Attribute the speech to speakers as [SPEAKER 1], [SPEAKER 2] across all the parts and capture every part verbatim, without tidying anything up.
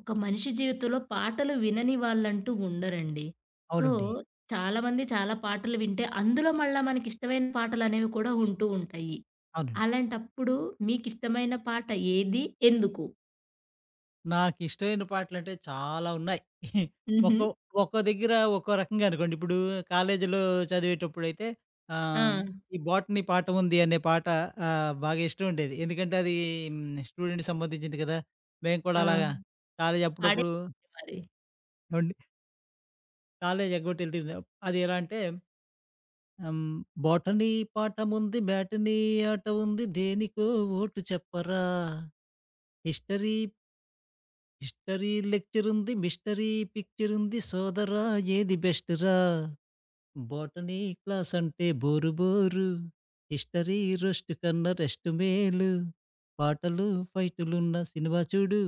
[SPEAKER 1] ఒక మనిషి జీవితంలో పాటలు వినని వాళ్ళంటూ ఉండరండి. సో,
[SPEAKER 2] అవునండి.
[SPEAKER 1] చాలా మంది చాలా పాటలు వింటే అందులో మళ్ళా మనకి ఇష్టమైన పాటలనేవి కూడా ఉంటూ ఉంటయి.
[SPEAKER 2] అవునండి.
[SPEAKER 1] అలాంటప్పుడు మీకిష్టమైన పాట ఏది? ఎందుకు?
[SPEAKER 2] నాకిష్టమైన పాటలంటే చాలా ఉన్నాయి.
[SPEAKER 1] హుహు.
[SPEAKER 2] ఒక్కో ఒక్కో దగ్గర ఒక్కో రకంగా అనుకోండి. ఇప్పుడు కాలేజీలో చదివేటప్పుడైతే, ఆహ్,
[SPEAKER 1] ఆ!
[SPEAKER 2] ఈ 'బోటనీ పాట ఉంది' అనే పాట ఆహ్, బాగా ఇష్టం ఉండేది. ఎందుకంటే, అదీను స్టూడెంట్‌కి సంబంధించింది గదా! మేము
[SPEAKER 1] ఆ!
[SPEAKER 2] కూడా అలాగా కాలేజీ
[SPEAKER 1] పాడేయండి
[SPEAKER 2] అప్పుడప్పుడు
[SPEAKER 1] మరి.
[SPEAKER 2] ఏవండి? కాలేజీ ఎగ్గొట్టి ఎళ్తుండే అది ఎలా అంటే, ఆహ్, హ్మ్. బోటనీ పాటముంది, మ్యాటనీ ఆట ఉంది, దేనికో ఓటు చెప్పరా? హిస్టరీ... హిస్టరీ లెక్చరుంది, మిస్టరీ పిక్చరుంది, సోదరా ఏది బెస్టురా? బోటనీ క్లాసంటే బోరు బోరు. హిస్టరీ రోస్టు కన్నా, రెస్ట్ మేలు. పాటలు, ఫైటులున్న సినిమా చూడు.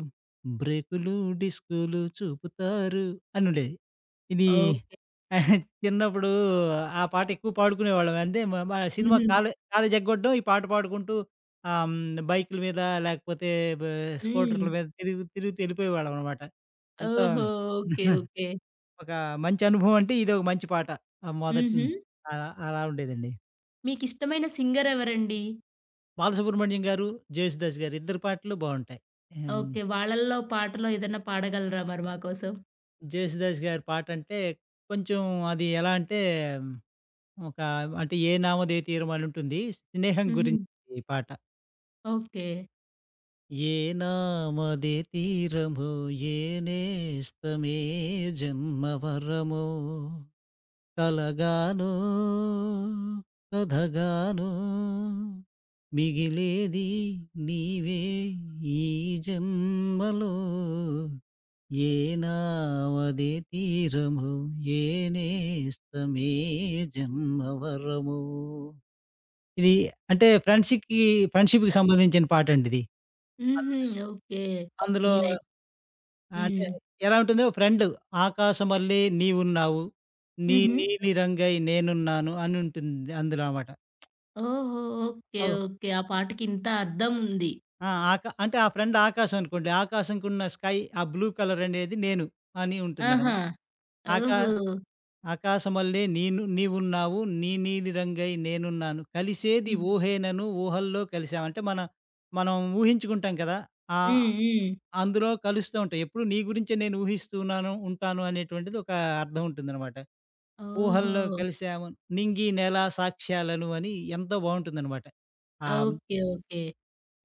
[SPEAKER 2] బ్రేకులు డిస్కూలు చూపుతారు అని ఉండేది. ఇదీ
[SPEAKER 1] ఓకే. సరే.
[SPEAKER 2] చిన్నప్పుడు ఆ పాట ఎక్కువ పాడుకునేవాళ్ళం. అంటే మేమా సినిమా
[SPEAKER 1] హుహు.
[SPEAKER 2] కాలే కాలేజీ ఎగ్గొట్టడం ఈ పాట పాడుకుంటూ ఆహ్, హ్మ్. బైకుల మీద లేకపోతే బా
[SPEAKER 1] హ్మ్.
[SPEAKER 2] స్కూటర్ల మీద తిరుగు తిరుగుతూ ఎళ్ళిపోయేవాళ్ళం అనమాట. ఎంతో
[SPEAKER 1] ఓహో! ఓకే. ఓకే.
[SPEAKER 2] ఒక మంచి అనుభవం అంటే, ఇదొక మంచి పాట. ఆ! మొదటిన
[SPEAKER 1] హుహు.
[SPEAKER 2] ఆ! అలా ఉండేదండి.
[SPEAKER 1] మీకిష్టమైన సింగర్ ఎవరండి?
[SPEAKER 2] 'బాలసుబ్రమణ్యం' గారు, 'జేసుదాస్' గారు ఇద్దరు పాటలు బావుంటాయి. ఎన్
[SPEAKER 1] ఓకే. వాళ్ళల్లో పాటలు ఏదైనా పాడగలరా మరి మాకోసం?
[SPEAKER 2] 'జేసుదాస్' గారి పాటంటే కొంచెం అది ఎలా అంటే, ఒక అంటే 'ఏ నామదే తీరమొ' అనుంటుంది. స్నేహం గురించి
[SPEAKER 1] హుహు.
[SPEAKER 2] ఈ పాట.
[SPEAKER 1] ఓకే.
[SPEAKER 2] ఏ నామదే తీరమొ ఏ నేస్తమే జన్మవరమొ కలగానో కథగానో మిగిలేది నీవే ఈ జన్మలో ఏ నావదె తీరమొ ఏ నేస్తమే జన్మవరమొ ఇది అంటే ఫ్రెండ్‌షిక్‌కి ఫ్రెండ్‌షిప్‌కి సంబంధించిన పాటండిది.
[SPEAKER 1] హుహు.
[SPEAKER 2] అల్లుది
[SPEAKER 1] ఓకే.
[SPEAKER 2] అందులో
[SPEAKER 1] నేనై
[SPEAKER 2] ఆహ్, అంటే
[SPEAKER 1] హ్మ్.
[SPEAKER 2] ఎలా ఉంటుంది ఫ్రెండు 'ఆకాశమల్లి నీవు ఉన్నావు. నీ
[SPEAKER 1] హుహు.
[SPEAKER 2] నీలిరంగై నేనున్నాను'. అని ఉంటుంది అందులో అమాట.
[SPEAKER 1] ఓహో! ఓకే,
[SPEAKER 2] అవును.
[SPEAKER 1] ఓకే. ఆ పాటకి ఇంత అర్థం ఉంది.
[SPEAKER 2] ఆ! అక అంటే ఆ ఫ్రెండ్ ఆకాస్ అనుకోండి. ఆకాశంకున్న స్కై ఆ బ్లూ కలర్ అనేది నేను అని
[SPEAKER 1] ఆహా!
[SPEAKER 2] ఉంటుందన్నమాట. ఆకా
[SPEAKER 1] ఓహో!
[SPEAKER 2] "ఆకాశమల్లే నేను నీవు ఉన్నావు. నీ నీలి రంగై నేనున్నాను. కలిసేది
[SPEAKER 1] హ్మ్.
[SPEAKER 2] ఊహేనను, ఊహల్లో కలిసాం" అంటే మన మనం ఊహించుకుంటాం కదా! ఆ
[SPEAKER 1] హ్మ్, హ్మ్.
[SPEAKER 2] అందులో కలుస్తా ఉంటాయి. ఎప్పుడూ నీ గురించే నేను ఊహిస్తూ ఉన్నాను ఉంటాను అనేటువంటిది ఒక అర్థం ఉంటుందన్నమాట. "ఊహల్లో
[SPEAKER 1] ఓహో!
[SPEAKER 2] కలిసాము, నింగి నేల సాక్ష్యాలను" అని ఎంతో బాగుంటుందన్నమాట. ఆహ్
[SPEAKER 1] ఓకే, ఓకే.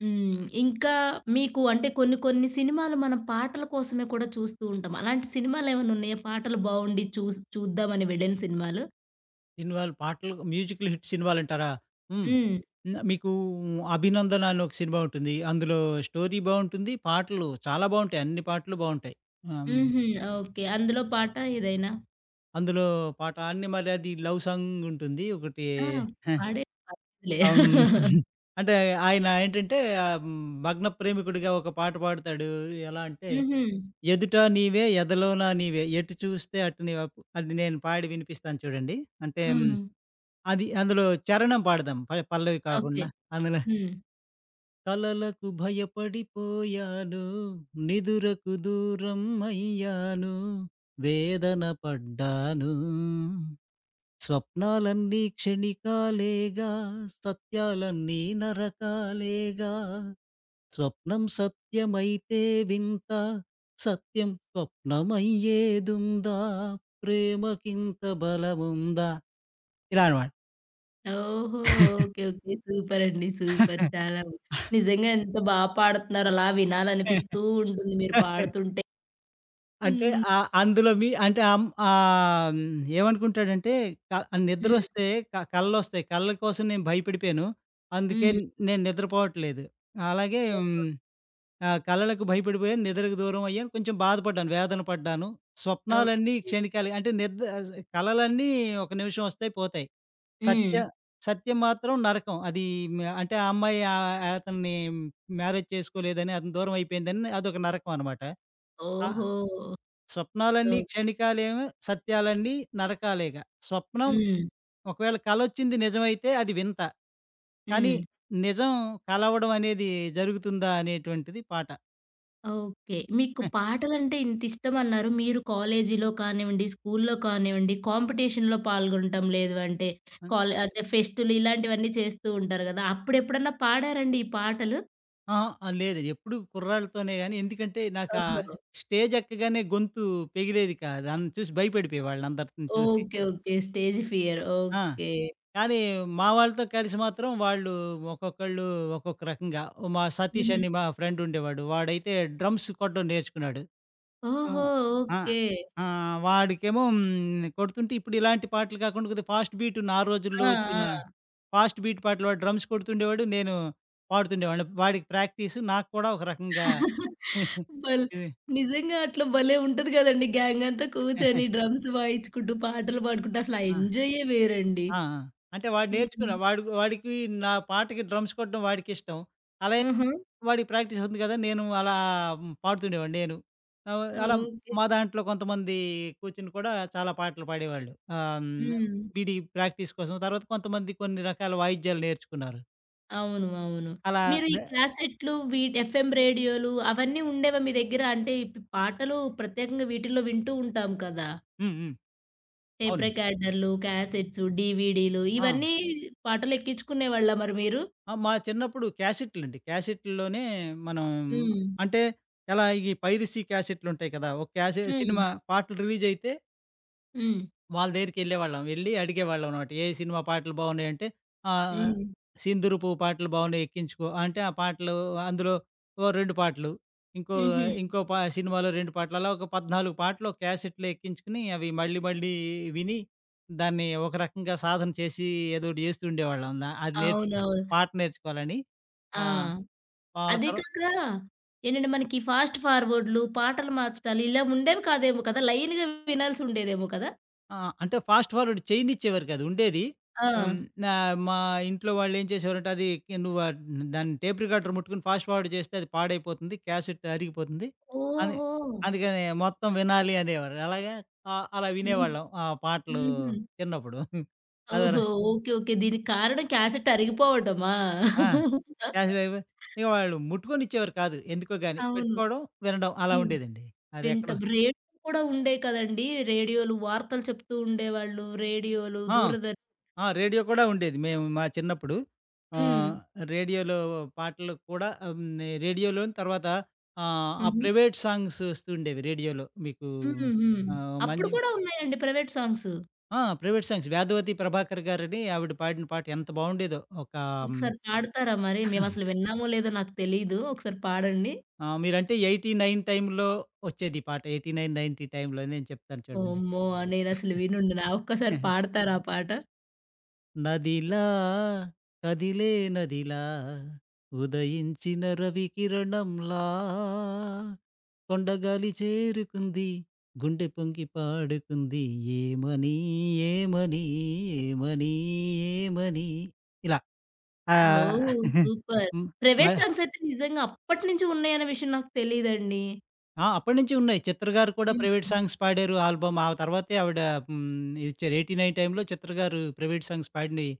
[SPEAKER 1] హ్మ్. ఇంకా మీకు అంటే కొన్ని కొన్ని సినిమాలు మనం పాటల కోసమే కూడా చూస్తూ ఉంటాం. అలాంటి సినిమాలేమన్నా ఉన్నాయా? పాటలు బాగుండి చూస్ చూద్దామని అని వెళ్లిన సినిమాలు?
[SPEAKER 2] సినిమాలు, పాటలు, మ్యూజికల్ హిట్ సినిమాలు అంటారా? హ్మ్,
[SPEAKER 1] హ్మ్.
[SPEAKER 2] మీకు 'అభినందన' అని ఒక సినిమా ఉంటుంది. అందులో స్టోరీ బావుంటుంది. పాటలు చాలా బావుంటాయి. అన్ని పాటలు బావుంటాయి. ఆహ్, హ్మ్
[SPEAKER 1] హుహు. ఓకే. అందులో పాట ఏదైనా?
[SPEAKER 2] అందులో పాట, ఆని మరది లవ్ సాంగ్ ఉంటుంది ఒకటి.
[SPEAKER 1] ఆ!
[SPEAKER 2] హే!
[SPEAKER 1] పాడే పర్లేదులే.
[SPEAKER 2] అం హుహు. అంటే ఆయన ఏంటంటే హ్మ్, భగ్న ప్రేమికుడిగా ఒక పాట పాడుతాడు. ఎలా అంటే
[SPEAKER 1] హుహు.
[SPEAKER 2] "ఎదుట నీవే, ఎదలోనా నీవే, ఎటు చూస్తే అటు నీవే" అది నేను పాడి వినిపిస్తాను చూడండి. అంటే
[SPEAKER 1] హ్మ్.
[SPEAKER 2] అది అందులో చరణం పాడదాం, పల్ పల్లవి
[SPEAKER 1] ఓకే.
[SPEAKER 2] కాకుండా అందులో
[SPEAKER 1] హ్మ్.
[SPEAKER 2] కలలకు భయపడిపోయాను, నిదురకు దూరం అయ్యాను, వేదన పడ్డాను. స్వప్నాలన్నీ క్షణికాలేగా, సత్యాలన్నీ నరకాలేగా. స్వప్నం సత్యమైతే వింత, సత్యం స్వప్నమయ్యేదుందా? ప్రేమకింత బలముందా? ఇలా అనమాట.
[SPEAKER 1] ఓహో! Okay, okay. సూపరండి, సూపర్. చాలా నిజంగా ఎంత బా పాడుతున్నారో! అలా వినాలనిపిస్తూ ఉంటుంది మీరు పాడుతుంటే.
[SPEAKER 2] అంటే,
[SPEAKER 1] హ్మ్.
[SPEAKER 2] ఆహ్, అందులో మీ అంటే అమ్ ఆహ్, హ్మ్, ఏమనుకుంటాడంటే, క
[SPEAKER 1] హ్మ్.
[SPEAKER 2] నిద్రొస్తే క కలలొస్తాయి. కలల కోసం నేను భయపడిపోయాను. అందుకే
[SPEAKER 1] హ్మ్.
[SPEAKER 2] నేను నిద్రపోవట్లేదు. అలాగే
[SPEAKER 1] ఓహో!
[SPEAKER 2] హ్మ్, ఆహ్, "కలలకు భయపడిపోయాను, నిద్రకు దూరం అయ్యాను. కొంచెం బాధపడ్డాను, వేదన పడ్డాను. స్వప్నాలన్నీ
[SPEAKER 1] ఓకే.
[SPEAKER 2] క్షణికాలె" అంటే నిద్ ఆహ్, ఆహ్, కలలన్నీ ఒక నిమిషం వస్తాయి, పోతాయి. సత్య
[SPEAKER 1] హ్మ్.
[SPEAKER 2] సత్యం మాత్రం నరకం. అది హ్మ్. ఆహ్, ఆ అమ్మాయి ఆహ్, య అతన్ని మ్యారేజ్ చేసుకోలేదని, అతనికి దూరం అయిపోయిందని, అదొక నరకం అనమాట. ఆహ్,
[SPEAKER 1] ఓహో!
[SPEAKER 2] స్వప్నాలన్నీ
[SPEAKER 1] ఓక్
[SPEAKER 2] క్షణికాలేమో, సత్యాలన్నీ నరకాలేగా. స్వప్నం
[SPEAKER 1] హ్మ్.
[SPEAKER 2] ఒకవేళ కలొచ్చింది నిజమైతే అది వింత. కానీ
[SPEAKER 1] హ్మ్.
[SPEAKER 2] నిజం కలవడం అనేది జరుగుతుందా? అనేటువంటిది పాట.
[SPEAKER 1] ఓకే. మీకు
[SPEAKER 2] ఆ!
[SPEAKER 1] పాటలంటే ఇంతిష్టమన్నారు. మీరు కాలేజీలో కానివ్వండి, స్కూలులో కానివ్వండి కాంపిటీషన్‌లో పాల్గొనటం లేదు అంటే
[SPEAKER 2] హ్మ్.
[SPEAKER 1] కాల్ అంటే ఫెస్ట్లు ఇలాంటివన్నీ చేస్తూ ఉంటారు కదా! అప్పుడెప్పుడన్నా పాడారండి ఈ పాటలు?
[SPEAKER 2] అహా! లేదు, ఎప్పుడూ కుర్రాళ్లతోనే గానీ. ఎందుకంటే నాకు ఆ
[SPEAKER 1] ఓహో!
[SPEAKER 2] స్టేజ్ ఎక్కగానే గొంతు పెగిలేది కాదు. అన్ చూసి భయపడిపోయేవాళ్లు అందరినీ చూసి.
[SPEAKER 1] Okay, okay. స్టేజ్ ఫియర్
[SPEAKER 2] ఆ!
[SPEAKER 1] ఓకే.
[SPEAKER 2] కానీ మా వాళ్లతో కలిసి మాత్రం వాళ్లు ఒక్కొక్కళ్లు ఒక్కొక్క రకంగా, మా సతీష్
[SPEAKER 1] హుహు.
[SPEAKER 2] అని మా ఫ్రెండ్ ఉండేవాడు. వాడైతే డ్రమ్స్ కొట్టడం నేర్చుకున్నాడు.
[SPEAKER 1] ఓహో!
[SPEAKER 2] ఆహ్,
[SPEAKER 1] ఓకే.
[SPEAKER 2] ఆహ్, ఆహ్, వాడికేమో హ్మ్. కొడుతుంటే ఇప్పుడు ఇలాంటి పాటలు కాకుండా కొద్దిగా ఫాస్ట్ బీట్ నా
[SPEAKER 1] ఆ!
[SPEAKER 2] రోజుల్లో వచ్చిన
[SPEAKER 1] ఆ!
[SPEAKER 2] ఫాస్ట్ బీట్ పాటలు వాడు డ్రమ్స్ కొడుతుండేవాడు. నేను పాడుతుండేవాడిని. వాడికి ప్రాక్టీస్ నాకు కూడా ఒక రకంగా
[SPEAKER 1] బల్
[SPEAKER 2] ఇది
[SPEAKER 1] నిజంగా అట్లా భలే ఉంటది గదండీ! గ్యాంగ్ అంతా కూర్చొని డ్రమ్స్ వాయించుకుంటూ పాటలు పాడుకుంటూ అసలు
[SPEAKER 2] ఆహ్!
[SPEAKER 1] ఎంజాయే వేరండి.
[SPEAKER 2] ఆ! ఆ! అంటే వాడు
[SPEAKER 1] హ్మ్.
[SPEAKER 2] నేర్చుకున్నాడు. వాడుక్ వాడికి నా పాటకి డ్రమ్స్ కొట్టడం వాడికిష్టం. అలా
[SPEAKER 1] హుహు.
[SPEAKER 2] వాడికి ప్రాక్టీస్ అవుతుంది గదా! నేను ఆహ్, అలా పాడుతుండేవాడిని. నేను అలా
[SPEAKER 1] ఓకే.
[SPEAKER 2] మా దాంట్లో కొంతమంది కూర్చొని కూడా చాలా పాటలు పాడేవాళ్లు, ఆహ్, హ్మ్,
[SPEAKER 1] హ్మ్.
[SPEAKER 2] వీడి ప్రాక్టీస్ కోసం. తర్వాత కొంతమంది కొన్ని రకాల వాయిద్యాలు నేర్చుకున్నారు.
[SPEAKER 1] అవును, అవును
[SPEAKER 2] అలా
[SPEAKER 1] మీరు ఈ
[SPEAKER 2] లే
[SPEAKER 1] క్యాసెట్లు విట్ ఎఫ్ఎం రేడియోలు అవన్నీ ఉండేవా మీ దగ్గర? అంటే ఇప్ ఈ పాటలు ప్రత్యేకంగా వీటిలో వింటూ ఉంటాం కదా!
[SPEAKER 2] హ్మ్. హ్మ్.
[SPEAKER 1] టేప్
[SPEAKER 2] అవును.
[SPEAKER 1] రికార్డర్లు, క్యాసెట్స్, డీవీడీలు
[SPEAKER 2] ఆ!
[SPEAKER 1] ఇవన్నీ పాటలు ఎక్కించుకునేవాళ్ళా మరి మీరు?
[SPEAKER 2] ఆ! మా చిన్నప్పుడు క్యాసెట్లండి, క్యాసెట్‌లోనే మనం,
[SPEAKER 1] హ్మ్.
[SPEAKER 2] అంటే ఎలా ఈ పైరసీ క్యాసెట్లుంటాయి కదా! ఒక క్యాసి
[SPEAKER 1] హ్మ్.
[SPEAKER 2] సినిమా పాటలు రిలీజయితే
[SPEAKER 1] హ్మ్.
[SPEAKER 2] వాళ్ల దగ్గరికెళ్లేవాళ్లం. వెళ్లి అడిగేవాళ్లం అన్నమాట, "ఏ సినిమా పాటలు బాగున్నాయి?" అంటే ఆహ్,
[SPEAKER 1] హ్మ్.
[SPEAKER 2] "సింధూరపు పాటలు బాగున్నాయి, ఎక్కించుకో" అంటే ఆ పాటలు, అందులో ఓహ్ రెండు పాటలు, ఇంకో
[SPEAKER 1] హుహు.
[SPEAKER 2] ఇంకో ప సినిమాలో రెండు పాటలు అలా ఒక పద్నాలుగు పాటలు ఒక క్యాసెట్‌లో ఎక్కించుకుని, అవి మళ్లీ మళ్లీ విని, దాన్ని ఒక రకంగా సాధన చేసి, ఏదోకటి చేస్తూ ఉండేవాళ్లం. అందా అది నేర్చుకొని
[SPEAKER 1] అవునవును.
[SPEAKER 2] పాట నేర్చుకోవాలని.
[SPEAKER 1] ఆ!
[SPEAKER 2] ఆ! ఆ
[SPEAKER 1] అది
[SPEAKER 2] తరువా
[SPEAKER 1] కాక ఏంటంటే మనకి ఫాస్ట్ ఫార్వర్డ్‌లు పాటలు మార్చటాలు ఇలా ఉండేవి కాదేమో కదా! లైన్‌గా వినాల్సి ఉండేదేమో కదా!
[SPEAKER 2] ఆ! అంటే ఫాస్ట్ ఫార్వర్డ్ చేయనిచ్చేవారు కాదు. ఉండేది హ్మ్,
[SPEAKER 1] ఆ!
[SPEAKER 2] నా మా ఇంట్లో వాళ్లు ఏం చేసేవారంటే, అదికే "నువ్వ దాని టేప్ రికార్డర్ ముట్టుకొని ఫాస్ట్ ఫార్వర్డ్ చేస్తే అది పాడైపోతుంది, క్యాసెట్ అరిగిపోతుంది" అని.
[SPEAKER 1] ఓహో!
[SPEAKER 2] అందుకనే మొత్తం వినాలి అనేవారు. అలాగే అ అలా
[SPEAKER 1] హ్మ్,
[SPEAKER 2] వినేవాళ్లం ఆ పాటలు
[SPEAKER 1] హుహు.
[SPEAKER 2] చిన్నప్పుడు. అదో
[SPEAKER 1] ఓహో! Okay, okay. దీనికి కారణం క్యాసెట్ అరిగిపోవటమా?
[SPEAKER 2] ఆ! [unintelligible] ఇగ వాళ్లు ముట్టుకొని ఇచ్చేవారు కాదు. ఎందుకో గానీ,
[SPEAKER 1] అవును.
[SPEAKER 2] పెట్టుకోవడం, వినడం అలా
[SPEAKER 1] హ్మ్
[SPEAKER 2] ఉండేదండి. అదేక్కడో
[SPEAKER 1] వింటాం. రేడియో కూడా ఉండేవి కదండీ. రేడియోలు వార్తలు చెప్తూ ఉండేవాళ్ళు రేడియోలు,
[SPEAKER 2] ఆ!
[SPEAKER 1] దూరదర్శ
[SPEAKER 2] ఆ! రేడియో కూడా ఉండేది. మేము మా చిన్నప్పుడు ఆ!
[SPEAKER 1] హ్మ్.
[SPEAKER 2] రేడియోలో పాటలు కూడా, హ్మ్, రేడియోలోన్ని తర్వాత ఆ! ఆ
[SPEAKER 1] హుహు.
[SPEAKER 2] ప్రైవేట్ సాంగ్స్ వస్తూ ఉండేవి. రేడియోలో మీకు
[SPEAKER 1] హుహు.
[SPEAKER 2] ఆహ్,
[SPEAKER 1] అప్పుడు
[SPEAKER 2] మాంజ్ం
[SPEAKER 1] కూడా ఉన్నాయండి ప్రైవేట్ సాంగ్స్?
[SPEAKER 2] ఆ ప్రైవేట్ సాంగ్స్ 'వధవతి ప్రభాకర్' గారని, ఆవిడ పాడిన పాట ఎంత బాగుండేదో ఒక
[SPEAKER 1] ఒకసారి పాడతారా? మరి మేమసలు విన్నామో లేదో నాకు తెలీదు. ఒకసారి పాడండి.
[SPEAKER 2] ఆ! మీరు అంటే ఎయిటీ నైన్ టైంలో వచ్చేది పాట. ఎయిటీ నైన్ నైన్టీ టైంలో నేను చెప్తాను చూడండి.
[SPEAKER 1] అమ్మో! నేనసలు వినుండను. ఆ ఒక్కసారి పాడతారా ఆ పాట?
[SPEAKER 2] నదిలా కదిలే నదిలా ఉదయించిన రవికిరణంలా కొండగాలి చేరుకుంది గుండె పొంగి పాడుకుంది ఏమని ఏమని ఏమని ఏమని ఇలా ఆహ్,
[SPEAKER 1] ఓహ్!
[SPEAKER 2] ఆ
[SPEAKER 1] సూపర్
[SPEAKER 2] హ్మ్
[SPEAKER 1] ప్రైవేట్
[SPEAKER 2] మర
[SPEAKER 1] సాంగ్స్ అయితే నిజంగా అప్పటినుంచి ఉన్నాయనే విషయం నాకు తెలీదండి.
[SPEAKER 2] ఆ! అప్పట్నించి ఉన్నాయి. 'చిత్ర' గారు కూడా ప్రైవేట్
[SPEAKER 1] హుహు.
[SPEAKER 2] సాంగ్స్ పాడారు ఆల్బమ్. ఆ తర్వాతే ఆవిడ హ్మ్, ఇచ్చారు ఎయిటి నైన్ టైంలో 'చిత్ర' గారు ప్రైవేట్ సాంగ్స్ పాడినయి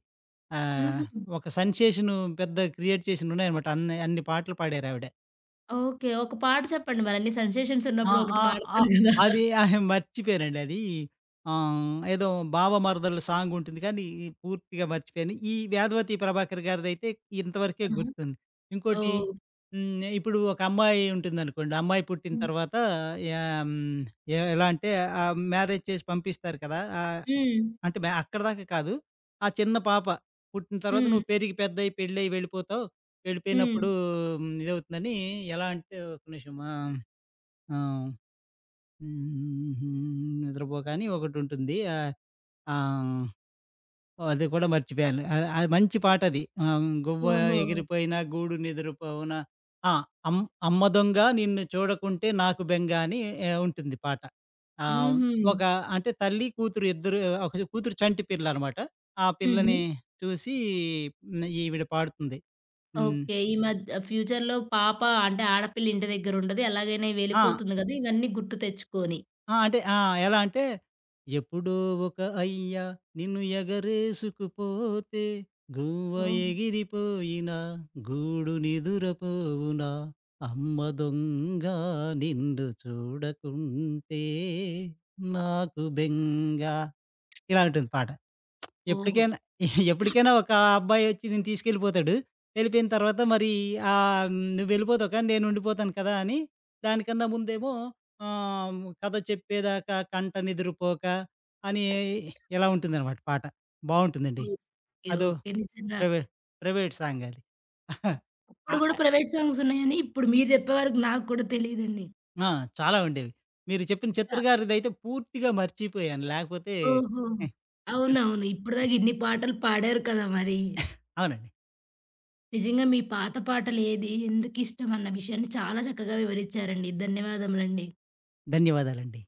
[SPEAKER 2] ఆహ్,
[SPEAKER 1] హుహు.
[SPEAKER 2] ఒక సెన్సేషను పెద్ద క్రియేట్ చేసినయి ఉన్నాయన్నమాట. అన్నే అన్ని పాటలు పాడారావిడ.
[SPEAKER 1] ఓకే. ఒక పాట చెప్పండి మరన్ని సెన్సేషన్స్
[SPEAKER 2] ఆ!
[SPEAKER 1] ఉన్నప్పుడు ఒకటి
[SPEAKER 2] ఆహ్, ఆహ్,
[SPEAKER 1] మాట్లాడతారు గదా.
[SPEAKER 2] అది అహే మర్చిపోయానండి అది. ఆహ్, ఏదో బావ మరదల్ల సాంగుంటుంది కానీ, పూర్తిగా మర్చిపోయాను. ఈ 'వేదవతి ప్రభాకర్' గారిదయితే ఇంతవరకే
[SPEAKER 1] ఆహా!
[SPEAKER 2] గుర్తుంది. ఇంకోటి
[SPEAKER 1] ఓహ్!
[SPEAKER 2] హ్మ్, ఇప్పుడు ఒక అమ్మాయి ఉంటుందనుకోండి. అమ్మాయి పుట్టిన
[SPEAKER 1] హ్మ్.
[SPEAKER 2] తర్వాత యా హ్మ్, ఎ ఎలా అంటే, ఆహ్, మ్యారేజ్ చేసి పంపిస్తారు కదా! ఆహ్,
[SPEAKER 1] హ్మ్.
[SPEAKER 2] అంటే మ అక్కడి దాకా కాదు. ఆ చిన్న పాప. పుట్టిన తర్వాత
[SPEAKER 1] హ్మ్.
[SPEAKER 2] నువ్వు పెరిగి పెద్దయి పెళ్ళై వెళ్ళిపోతావు. వెళ్ళిపోయినప్పుడు
[SPEAKER 1] హ్మ్.
[SPEAKER 2] ఇదవుతుందని ఎలా అంటే ఒక్క నిమిషం ఆహ్, ఆ! 'హ్మ్ హు హ్మ్ నిద్రపోకా' అని ఒకటుంటుంది. ఆ! ఆహ్, అది కూడా మర్చిపోయాను. అది మంచి పాటది. ఆహ్, 'గువ్వ
[SPEAKER 1] ఓహో!
[SPEAKER 2] ఎగిరిపోయిన గూడు నిదురపోవున ఆ అమ్ అమ్మ దొంగ నిన్ను చూడకుంటే నాకు బెంగ' అని ఎ ఉంటుంది పాట. ఆ!
[SPEAKER 1] హుహు.
[SPEAKER 2] ఒక అంటే తల్లి కూతురు ఇద్దరు ఒక కూతురు చంటి పిల్లనమాట. ఆ పిల్లని
[SPEAKER 1] హుహు.
[SPEAKER 2] చూసి ఈవిడ పాడుతుంది. హ్మ్.
[SPEAKER 1] ఓకే. ఈ మధ్య ఫ్యూచర్‌లో పాప అంటే, ఆడపిల్ల ఇంటి దెగ్గరుండదు. ఎలాగైనా
[SPEAKER 2] ఆ!
[SPEAKER 1] వెళ్ళిపోతుంది గదా! ఇవన్నీ గుర్తు తెచ్చుకొని.
[SPEAKER 2] ఆ! అంటే, ఆ! ఎలా అంటే, ఎప్పుడో ఒక అయ్య నిన్ను ఎగరేసుకుపోతే గువ్వ
[SPEAKER 1] ఓహ్!
[SPEAKER 2] ఎగిరిపోయిన గూడు నిదురపోవున అమ్మ దొంగా నిన్ను చూడకుంటే నాకు బెంగ. ఇలా ఉంటుంది పాట.
[SPEAKER 1] ఓహొ!
[SPEAKER 2] ఎప్పటికైనా ఎప్పటికైనా ఒక అబ్బాయి ఒచ్చి నిన్ను తీసుకెళ్ళిపోతాడు. వెళ్ళిపోయిన తర్వాత మరి ఆహ్, నువ్వు వెళ్ళిపోతావు కానీ నేనుండిపోతాను కదా, అని దానికన్నా ముందేమో ఆహ్, 'కథ చెప్పేదాకా కంట నిదురపోక' అని ఇలా ఉంటుందనమాట పాట. బావుంటుందండి.
[SPEAKER 1] ఓకే.
[SPEAKER 2] అదో
[SPEAKER 1] ఓకే. నిజంగా.
[SPEAKER 2] ప్రైవేట్ ప్రైవేట్ సాంగది. ఆ!
[SPEAKER 1] అప్పుడు గూడా ప్రైవేట్ సాంగ్స్ ఉన్నాయని ఇప్పుడు మీరు జెప్పే వరకు నాగ్గూడా తెలిదండి.
[SPEAKER 2] ఆ! చాలా ఉండేవి. మీరు చెప్పిన
[SPEAKER 1] [unintelligible]
[SPEAKER 2] 'చిత్ర' గారిదయితే పూర్తిగా మర్చిపోయాను. లేకపోతే
[SPEAKER 1] ఓహో!
[SPEAKER 2] హ్మ్.
[SPEAKER 1] అవునవును. ఇప్పటి
[SPEAKER 2] [unintelligible]
[SPEAKER 1] దాకా ఇన్ని పాటలు పాడారు కదా! మరి.
[SPEAKER 2] అవునండి.
[SPEAKER 1] నిజంగా మీ పాత పాటలేది, ఎందుకిష్టం అన్న విషయాన్ని చాలా చక్కగా వివరిచ్చారండి. ధన్యవాదములండి.
[SPEAKER 2] ధన్యవాదాలండి.